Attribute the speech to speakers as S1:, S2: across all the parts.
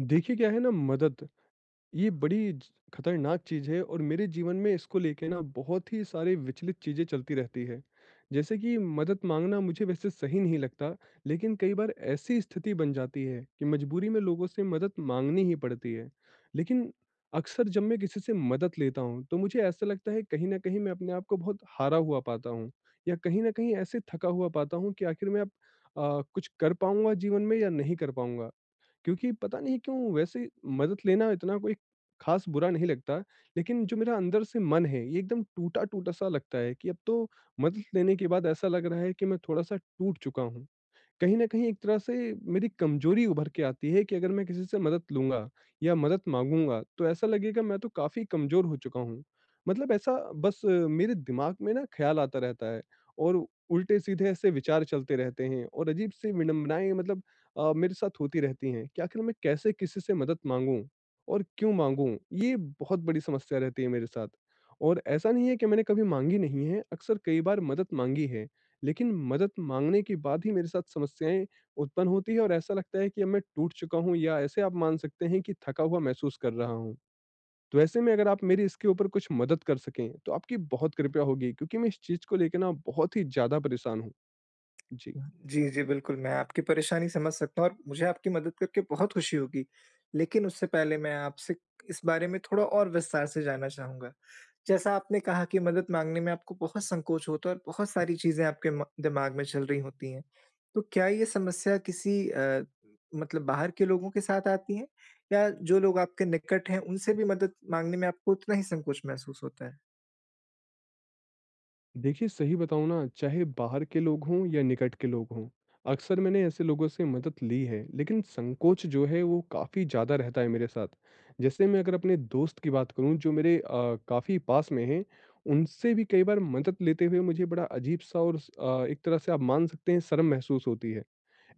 S1: देखिए क्या है ना मदद, ये बड़ी ज खतरनाक चीज़ है और मेरे जीवन में इसको लेके ना बहुत ही सारी विचलित चीज़ें चलती रहती है। जैसे कि मदद माँगना मुझे वैसे सही नहीं लगता, लेकिन कई बार ऐसी स्थिति बन जाती है कि मजबूरी में लोगों से मदद माँगनी ही पड़ती है, लेकिन अक्सर जब मैं किसी से मदद लेता हूँ तो मुझे ऐसा लगता है कहीं न कहीं मैं अपने आपको बहुत हारा हुआ पाता हूँ या कहीं न कहीं ऐसे थका हुआ पाता हूँ कि आखिर में अब अ, कुछ कर पाऊँगा जीवन में या नहीं कर पाऊँगा? क्योंकि पता नहीं क्यों वैसे मदद लेना इतना कोई खास बुरा नहीं लगता, लेकिन जो मेरा अंदर से मन है ये एकदम टूटा-टूटा सा लगता है कि अब तो मदद लेने के बाद ऐसा लग रहा है कि मैं थोड़ा-सा टूट चुका हूँ। कहीं न कहीं एक तरह से मेरी कमजोरी उभर के आती है कि अगर मैं किसी से मदद लूँगा या मदद मांगूँगा तो ऐसा लगेगा मैं तो काफ़ी कमजोर हो चुका हूँ, मतलब ऐसा बस मेरे दिमाग में ना ख़्याल आता रहता है और उल्टे सीधे ऐसे विचार चलते रहते हैं और अजीब-सी विडंबनाएँ मतलब अ, मेरे साथ होती रहती हैं कि आखिर मैं कैसे किसी से मदद माँगू और क्यों माँगू? ये बहुत बड़ी समस्या रहती है मेरे साथ और ऐसा नहीं है कि मैंने कभी माँगी नहीं है, अक्सर कई बार मदद माँगी है, लेकिन मदद माँगने के बाद ही मेरे साथ समस्याएँ उत्पन्न होती हैं और ऐसा लगता है कि अब मैं टूट चुका हूँ या ऐसे आप मान सकते हैं कि थका हुआ महसूस कर रहा हूँ। तो ऐसे में अगर आप मेरी इसके ऊपर कुछ मदद कर सकें तो आपकी बहुत कृपया होगी क्योंकि मैं इस चीज़ को लेके ना बहुत ही ज़्यादा परेशान हूँ। जी।
S2: जी, जी बिल्कुल, मैं आपकी परेशानी समझ सकता हूँ और मुझे आपकी मदद करके बहुत खुशी होगी, लेकिन उससे पहले मैं आपसे इस बारे में थोड़ा और विस्तार से जानना चाहूँगा। जैसा आपने कहा कि मदद माँगने में आपको बहुत संकोच होता है और बहुत सारी चीज़ें आपके म दिमाग में चल रही होती है, तो क्या ये समस्या किसी अ, मतलब बाहर के लोगों के साथ आती हैं या जो लोग आपके निकट हैं उनसे भी मदद माँगने में आपको उतना ही संकोच महसूस होता है?
S1: देखिए सही बताऊँ ना चाहे बाहर के लोग हों या निकट के लोग हों, अक्सर मैंने ऐसे लोगों से मदद ली है। लेकिन संकोच जो है वो काफ़ी ज़्यादा रहता है मेरे साथ। जैसे मैं अगर अपने दोस्त की बात करूँ जो मेरे अ, काफ़ी पास में हैं उनसे भी कई बार मदद लेते हुए मुझे बड़ा अजीब-सा और उस अ, एक तरह से आप मान सकते है शर्म महसूस होती है।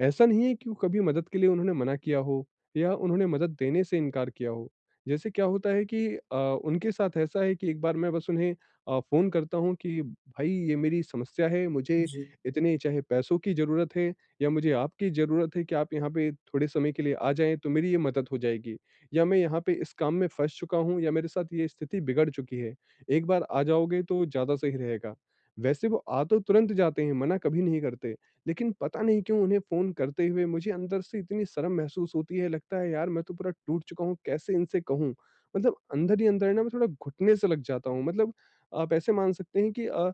S1: ऐसा नहीं है कि कभी मदद के लिए उन्होंने मना किया हो या उन्होंने मदद देने से इनकार किया हो। जैसे क्या होता है कि अ, उनके साथ ऐसा है कि एक बार मैं बस उन्हें अ, फ़ोन करता हूँ कि "भई ये मेरी समस्या है, मुझे
S2: जी।
S1: इतने चाहे पैसों की ज़रूरत है या मुझे आपकी ज़रूरत है कि आप यहाँ पे थोड़े समय के लिए आ जाएँ तो मेरी ये मदद हो जाएगी।" या "मैं यहाँ पे इस काम में फँस चूका हूँ या मेरे साथ ये स्थिति बिगड़ चुकी है, एक बार आ जाओगे तो ज़्यादा सही रहेगा।" वैसे वो अ, तो तुरंत जाते हैं, मना कभी नहीं करते। लेकिन पता नहीं क्यों उन्हें फ़ोन करते हुए मुझे अंदर से इतनी शर्म महसूस होती है, लगता है "यार मैं तो पूरा टूट चूका हूँ। कैसे इनसे कहूँ?" मतलब अंदर ही अंदर है ना मैं थोड़ा घुटने से लग जाता हूँ। मतलब आप ऐसे मान सकते हैं कि अ,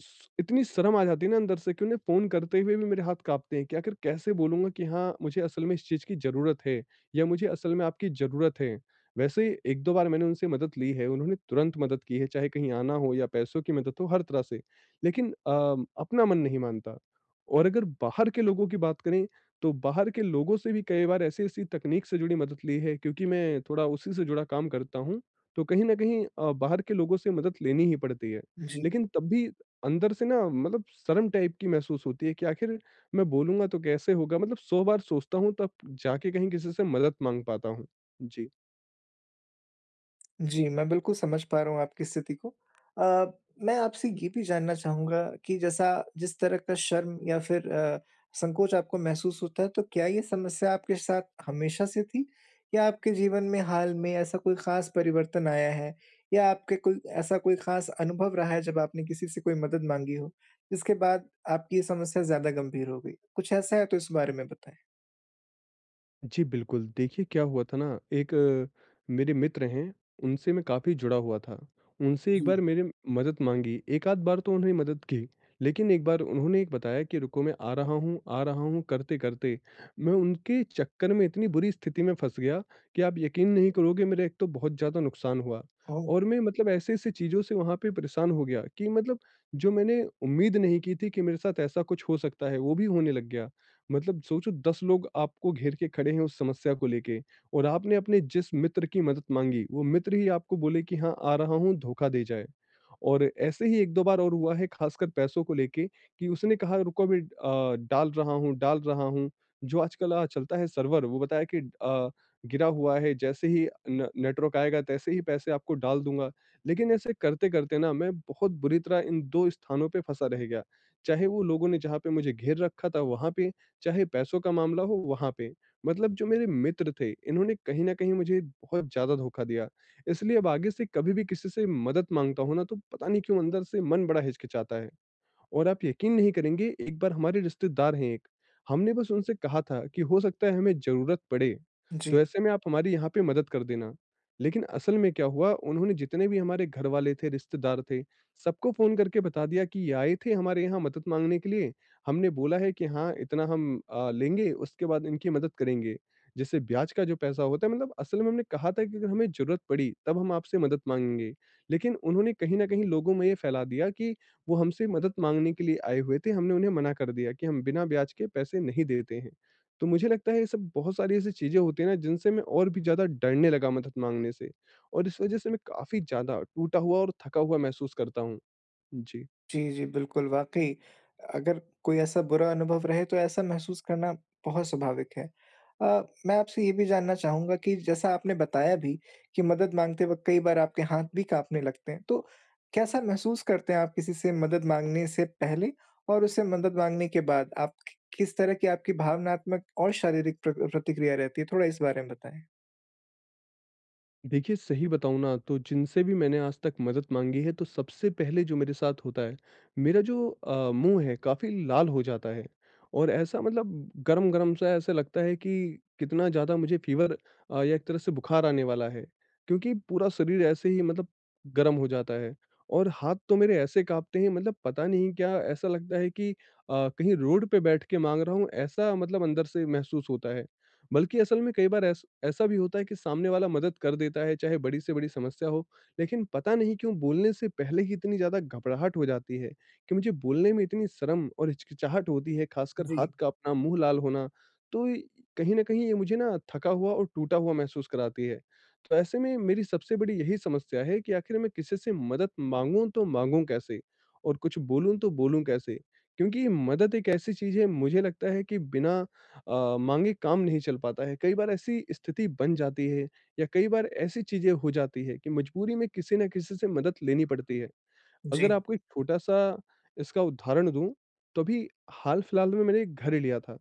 S1: श इतनी शर्म आ जाती है ना अंदर से कि उन्हें फ़ोन करते हुए भी मेरे हाथ काँपते है कि आखिर कैसे बोलूँगा कि हाँ मुझे असल में इस चीज की ज़रूरत है या मुझे असल में आपकी ज़रूरत है। वैसे ही 1-2 बार मैंने उनसे मदद ली है, उन्होंने तुरंत मदद की है। चाहे कहीं आना हो या पैसों की मदद हो, हर तरह से। लेकिन अ, अपना मन नहीं मानता। और अगर बाहर के लोगों की बात करें तो बाहर के लोगों से भी कई बार ऐसी-ऐसी तकनीक से जुड़ी मदद ली है क्योंकि मैं थोड़ा उसी से जुड़ा काम करता हूँ। तो कहीं न कहीं अ, बाहर के लोगों से मदद लेनी ही पड़ती है।
S2: जी।
S1: लेकिन तब भी अंदर से ना मतलब शर्म टाइप की महसूस होती है कि आखिर मैं बोलूँगा तो कैसे होगा? मतलब 100 बार सोचता हूँ तब जाके कहीं किसी से मदद माँग पाता हूँ। जी।
S2: जी, मैं बिल्कुल समझ पा रहा हूँ आपकी स्थिति को अ, मैं आपसे ये भी जानना चाहूँगा कि जैसा जिस तरह का शर्म या फिर अ, संकोच आपको महसूस होता है तो क्या ये समस्या आपके साथ हमेशा से थी या आपके जीवन में हाल में ऐसा कोई ख़ास परिवर्तन आया है? या आपके कोई ऐसा कोई ख़ास अनुभव रहा है जब आपने किसी से कोई मदद माँगी हो? इसके बाद आपकी ये समस्या ज़्यादा गंभीर हो गई। कुछ ऐसा है तो इस बारे में बताएँ?
S1: जी बिल्कुल, देखिए क्या हुआ था ना एक मेरे मित्र हैं उनसे मैं काफ़ी जुड़ा हुआ था। उनसे एक
S2: जी।
S1: बार मेरे मदद माँगी, 1 आध बार तो उन्होंने मदद की। लेकिन 1 बार उन्होंने बताया कि रुको मैं आ रहा हूँ आ रहा हूँ करते-करते मैं उनके चक्कर में इतनी बुरी स्थिति में फँस गया कि आप यकीन नहीं करोगे मेरा एक तो बहुत ज़्यादा नुकसान हुआ,
S2: ओह!
S1: और मैं मतलब ऐसे-ऐसे चीज़ों से वहाँ पे परेशान हो गया कि मतलब जो मैंने उम्मीद नहीं की थी कि मेरे साथ ऐसा कुछ हो सकता है वो भी होने लग गया। मतलब सोचो 10 लोग आपको घेर के खड़े है उस समस्या को लेके, और आपने अपने जिस मित्र की मदद माँगी वो मित्र ही आपको बोले कि हाँ, आ रहा हूँ धोखा दे जाए। और ऐसे ही 1-2 बार और हुआ है ख़ासकर पैसों को लेके कि उसने कहा रुको अभी अ, डाल रहा हूँ, डाल रहा हूँ, जो आजकल अ, चलता है सर्वर वो बताया कि अ, गिरा हुआ है जैसे ही न नेटवर्क आएगा तैसे ही पैसे आपको डाल दूँगा, लेकिन ऐसे करते-करते ना मैं बहुत बुरी तरह इन 2 स्थानों पे फँसा रह गया, चाहे वो लोगों ने जहाँ पे मुझे घेर रखा था वहाँ पे, चाहे पैसों का मामला हो वहाँ पे। मतलब जो मेरे मित्र थे इन्होंने कहीं न कहीं मुझे बहुत ज़्यादा धोखा दिया। इसलिए अब आगे से कभी भी किसी से मदद माँगता हूँ ना तो पता नहीं क्यों अंदर से मन बड़ा हिचकिचाता है। और आप यकीन नहीं करेंगे एक बार हमारे रिश्तेदार हैं एक, हमने बस उनसे कहा था कि हो सकता है हमें जरुरत पड़े, तो
S2: जी।
S1: ऐसे में आप हमारी यहाँ पे मदद कर देना। लेकिन असल में क्या हुआ उन्होंने जितने भी हमारे घर वाले थे, रिश्तेदार थे, सबको फ़ोन करके बता दिया कि ये आए थे हमारे यहाँ मदद माँगने के लिए हमने बोला है कि हाँ, इतना हम अ, लेंगे उसके बाद इनकी मदद करेंगे। जिससे ब्याज का जो पैसा होता है मतलब असल में हमने कहा था कि अगर हमें जरुरत पड़ी तब हम आपसे मदद माँगेंगे, लेकिन उन्होंने कहीं न कहीं लोगों में ये फैला दिया कि वो हमसे मदद माँगने के लिए आए हुए थे हमने उन्हें मना कर दिया कि हम बिना ब्याज के पैसे नहीं देते हैं। तो मुझे लगता है ये सब, बहुत सारी ऐसी चीज़ें होती है ना जिनसे मैं और भी ज़्यादा डरने लगा मदद माँगने से, और इस वजह से मैं काफ़ी ज़्यादा टूटा हुआ और थका हुआ महसूस करता हूँ। जी।
S2: जी, जी, बिल्कुल, वाक़ई अगर कोई ऐसा बुरा अनुभव रहे तो ऐसा महसूस करना बहुत स्वाभाविक है। अ, मैं आपसे ये भी जानना चाहूँगा कि जैसा आपने बताया भी, कि मदद माँगते वक़्त कई बार आपके हाथ भी काँपने लगते हैं, तो कैसा महसूस करते हैं आप किसी से मदद माँगने से पहले और उसे मदद माँगने के बाद आप कि किस तरह कि आपकी भावनात्मक और शारीरिक प्र प्रतिक्रिया रहती है? थोड़ा इस बारे में बताएँ।
S1: देखिए सही बताऊँ ना तो जिनसे भी मैंने आज तक मदद माँगी है तो सबसे पहले जो मेरे साथ होता है, मेरा जो अ, मुँह है काफ़ी लाल हो जाता है और ऐसा मतलब गरम-गरम सा ऐसे लगता है कि कितना ज़्यादा मुझे फ़ीवर या एक तरह से बुखार आने वाला है। क्योंकि पूरा शरीर ऐसे ही मतलब गरम हो जाता है और हाथ तो मेरे ऐसे काँपते हैं मतलब पता नहीं क्या, ऐसा लगता है कि अ, कहीं रोड पे बैठ के माँग रहा हूँ, ऐसा मतलब अंदर से महसूस होता है। बल्कि असल में कई बार ऐस ऐसा भी होता है कि सामने वाला मदद कर देता है चाहे बड़ी से बड़ी समस्या हो। लेकिन पता नहीं क्यों बोलने से पहले ही इतनी ज़्यादा घबराहट हो जाती है कि मुझे बोलने में इतनी शर्म और हिचकिचाहट होती है ख़ासकर हाथ
S2: जी।
S1: काँपना, मुँह लाल होना तो इ कहीं न कहीं ये मुझे ना थका हुआ और टूटा हुआ महसूस कराती है। तो ऐसे में मेरी सबसे बड़ी यही समस्या है कि आखिर में किसी से मदद माँगू तो माँगू कैसे? और कुछ बोलूँ तो बोलूँ कैसे? क्योंकि मदद एक ऐसी चीज़ है, मुझे लगता है कि बिना अ, माँगे काम नहीं चल पाता है। कई बार ऐसी स्थिति बन जाती है या कई बार ऐसी चीज़ें हो जाती है कि मजबूरी में किसी ना किसी से मदद लेनी पड़ती है। अगर
S2: जी।
S1: आपको एक छोटा-सा इसका उदाहरण दूँ तो अभी हाल-फ़िलहाल में मैंने 1 एक घर ही लिया था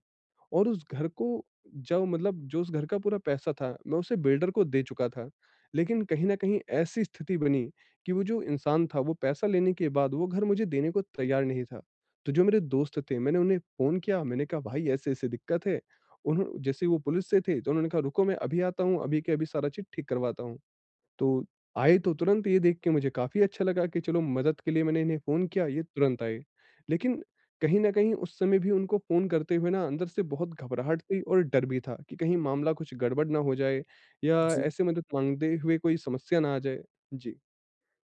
S1: और उस घर को जब मतलब जो उस घर का पूरा पैसा था मैं उसे बिल्डर को दे चुका था। लेकिन कहीं न कहीं ऐसी स्थिति बनी कि वो जो इंसान था वो पैसा लेने के बाद वो घर मुझे देने को तैयार नहीं था। तो जो मेरे दोस्त थे, मैंने उन्हें फ़ोन किया, मैंने कहा भाई ऐसे-ऐसे दिक्कत है। उन्हों जैसे वो पुलिस से थे तो उन्होंने कहा रुको मैं अभी आता हूँ, अभी के अभी सारा चीज़ ठीक करवाता हूँ। तो आए तो तुरंत ये देख के मुझे काफ़ी अच्छा लगा कि चलो मदद के लिए मैंने इन्हें फ़ोन किया ये तुरंत आए। लेकिन कहीं न कहीं उस समय भी उनको फ़ोन करते हुए ना अंदर से बहुत घबराहट थी और डर भी था कि कहीं मामला कुछ गड़बड़ ना हो जाए या
S2: जी।
S1: ऐसे मदद माँगते हुए कोई समस्या ना आ जाए। जी।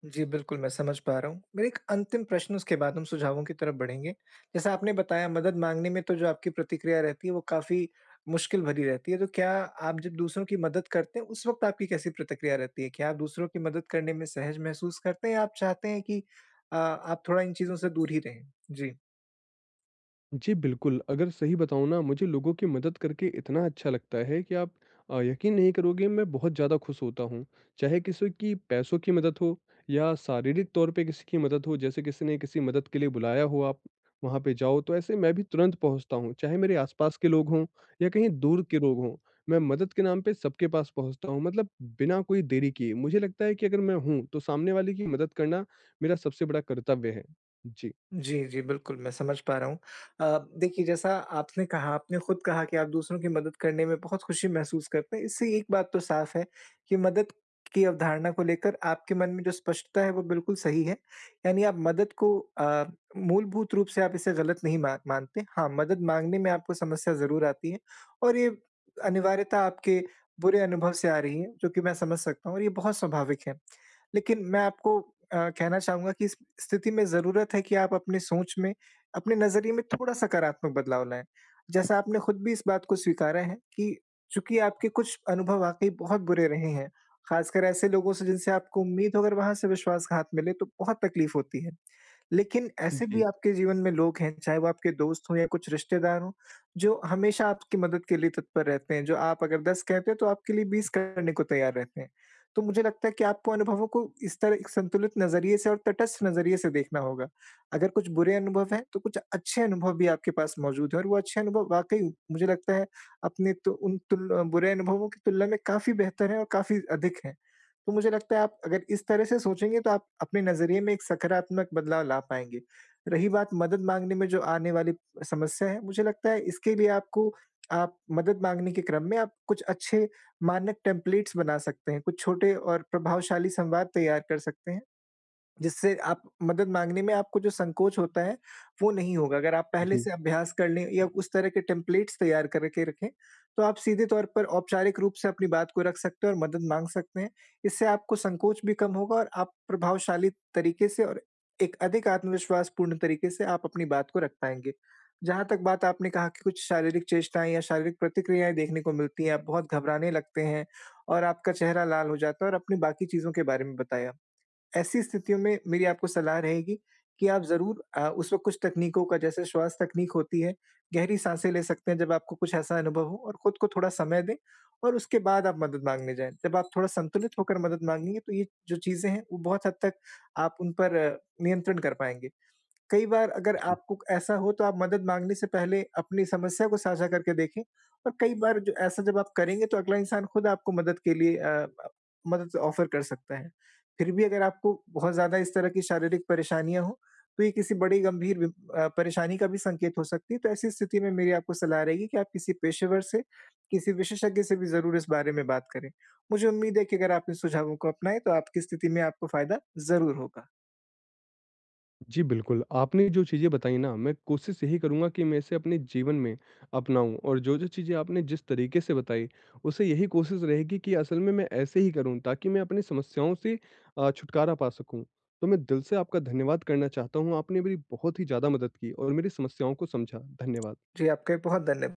S2: जी, बिल्कुल मैं समझ पा रहा हूँ। मेरा 1 अंतिम प्रश्न उसके बाद हम सुझावों की तरफ़ बढ़ेंगे। जैसा आपने बताया मदद माँगने में तो जो आपकी प्रतिक्रिया रहती है वो काफ़ी मुश्किल भरी रहती है, तो क्या आप जब दूसरों की मदद करते हैं उस वक़्त आपकी कैसी प्रतिक्रिया रहती है? क्या आप दूसरों की मदद करने में सहज महसूस करते हैं या आप चाहते हैं कि अ, आप थोड़ा इन चीज़ों से दूर ही रहें? जी।
S1: जी बिल्कुल, अगर सही बताऊँ ना मुझे लोगों की मदद करके इतना अच्छा लगता है कि आप अ, यक़ीन नहीं करोगे मैं बहुत ज़्यादा खुश होता हूँ। चाहे किसी की पैसों की मदद हो या शारीरिक तौर पे किसी की मदद हो, जैसे किसी ने किसी मदद के लिए बुलाया हो, आप वहाँ पे जाओ तो ऐसे मैं भी तुरंत पहुँचता हूँ, चाहे मेरे आस-पास के लोग हों या कहीं दूर के लोग हों, मैं मदद के नाम पर सबके पास पहुँचता हूँ मतलब बिना कोई देरी किए मुझे लगता है कि अगर मैं हूँ तो सामने वाले की मदद करना मेरा सबसे बड़ा कर्तव्य है। जी।
S2: जी, जी। बिल्कुल, मैं समझ पा रहा हूँ। अ, देखिए जैसा आपने कहा आपने खुद कहा कि आप दूसरों की मदद करने में बहुत खुशी महसूस करते हैं, इससे एक बात तो साफ़ है कि मदद की अवधारणा को लेकर आपके मन में जो स्पष्टता है वो बिल्कुल सही है यानी आप मदद को अ, मूलभूत रूप से आप इसे गलत नहीं मा मान मानते। हाँ मदद माँगने में आपको समस्या ज़रूर आती है और ये अनिवार्यता आपके बुरे अनुभव से आ रही है, जो कि मैं समझ सकता हूँ और ये बहुत स्वाभाविक है, लेकिन मैं आपको अ, कहना चाहूँगा कि इस स्थिति में ज़रूरत है कि आप अपने सोच में अपने नज़रिए में, थोड़ा सकारात्मक बदलाव लाएँ, जैसा आपने खुद भी इस बात को स्वीकारा है कि चूँकि आपके कुछ अनुभव वाक़ई बहुत बुरे रहे हैं ख़ासकर कर ऐसे लोगों से जिनसे आपको उम्मीद हो अगर वहाँ से विश्वासघात मिले तो बहुत तक़लीफ़ होती है, लेकिन ऐसे भी
S1: जी।
S2: आपके जीवन में लोग हैं, चाहे वो आपके दोस्त हों या कुछ रिश्तेदार हों, जो हमेशा आपकी मदद के लिए तत्पर रहते हैं। जो आप अगर 10 कहते हैं तो आपके लिए 20 करने को तैयार रहते हैं। तो मुझे लगता है कि आपको अनुभवों को इस तरह एक संतुलित नज़रिए से और तटस्थ नज़रिए से देखना होगा अगर कुछ बुरे अनुभव हैं तो कुछ अच्छे अनुभव भी आपके पास मौजूद हैं और वो अच्छे अनुभव वाक़ई मुझे लगता है अपने त उन तुल अ, बुरे अनुभवों की तुलना में काफ़ी बेहतर हैं और काफ़ी अधिक हैं। तो मुझे लगता है आप अगर इस तरह से सोचेंगे तो आप अपने नज़रिए में एक सकारात्मक बदलाव ला पाएँगे। रही बात मदद माँगने में जो आने वाली समस्या है, मुझे लगता है इसके लिए आपको आप मदद माँगने के क्रम में आप कुछ अच्छे मानक टेम्पलेट्स बना सकते हैं। कुछ छोटे और प्रभावशाली संवाद तैयार कर सकते हैं, जिससे आप मदद माँगने में आपको जो संकोच होता है, वो नहीं होगा अगर आप पहले
S1: जी।
S2: से अभ्यास कर लें या उस तरह के टेम्पलेट्स तैयार करके रखें, तो आप सीधे तौर पर औपचारिक रूप से अपनी बात को रख सकते हैं और मदद माँग सकते हैं, इससे आपको संकोच भी कम होगा और आप प्रभावशाली तरीके से और एक अधिक आत्मविश्वासपूर्ण तरीके से आप अपनी बात को रख पाएँगे। जहाँ तक बात आपने कहा कि कुछ शारीरिक चेष्टाएँ या शारीरिक प्रतिक्रियाएँ देखने को मिलती हैं, आप बहुत घबराने लगते हैं और आपका चेहरा लाल हो जाता है और अपनी बाकी चीज़ों के बारे में बताया, ऐसी स्थितियों में मेरी आपको सलाह रहेगी कि आप ज़रूर अ, उस वक़्त कुछ तकनीकों का जैसे श्वास तकनीक होती है, गहरी साँसें ले सकते हैं जब आपको कुछ ऐसा अनुभव हो और खुद को थोड़ा समय दें और उसके बाद आप मदद माँगने जाएँ। जब आप थोड़ा संतुलित होकर मदद माँगेंगे तो ये जो चीज़ें हैं वो बहुत हद तक आप उन पर अ, नियंत्रण कर पाएँगे, कई बार अगर
S1: जी।
S2: आपको ऐसा हो तो आप मदद माँगने से पहले अपनी समस्या को साझा करके देखें और कई बार ज ऐसा जब आप करेंगे तो अगला इंसान खुद आपको मदद के लिए अ, मदद ऑफ़र कर सकता है। फिर भी अगर आपको बहुत ज़्यादा इस तरह की शारीरिक परेशानियाँ हो तो ये किसी बड़ी गंभीर बि अ, परेशानी का भी संकेत हो सकती है, तो ऐसी स्थिति में मेरी आपको सलाह रहेगी कि आप किसी पेशेवर से, किसी विशेषज्ञ से भी ज़रूर इस बारे में बात करें। मुझे उम्मीद है कि अगर आप इन सुझावों को अपनाएँ, तो आपकी स्थिति में आपको फ़ायदा ज़रूर होगा।
S1: जी, बिल्कुल आपने जो चीज़ें बताई ना मैं कोशिश यही करूँगा की मैं इसे अपने जीवन में अपनाऊँ और जो-जो चीज़ें आपने जिस तरीक़े से बताई उससे यही कोशिश रहेगी कि असल में मैं ऐसे ही करूँ ताकि मैं अपनी समस्याओं से अ, छुटकारा पा सकूँ। तो मैं दिल से आपका धन्यवाद करना चाहता हूँ, आपने मेरी बहुत ही ज़्यादा मदद की और मेरी समस्याओं को समझा। धन्यवाद।
S2: जी आपका भी बहुत धन्य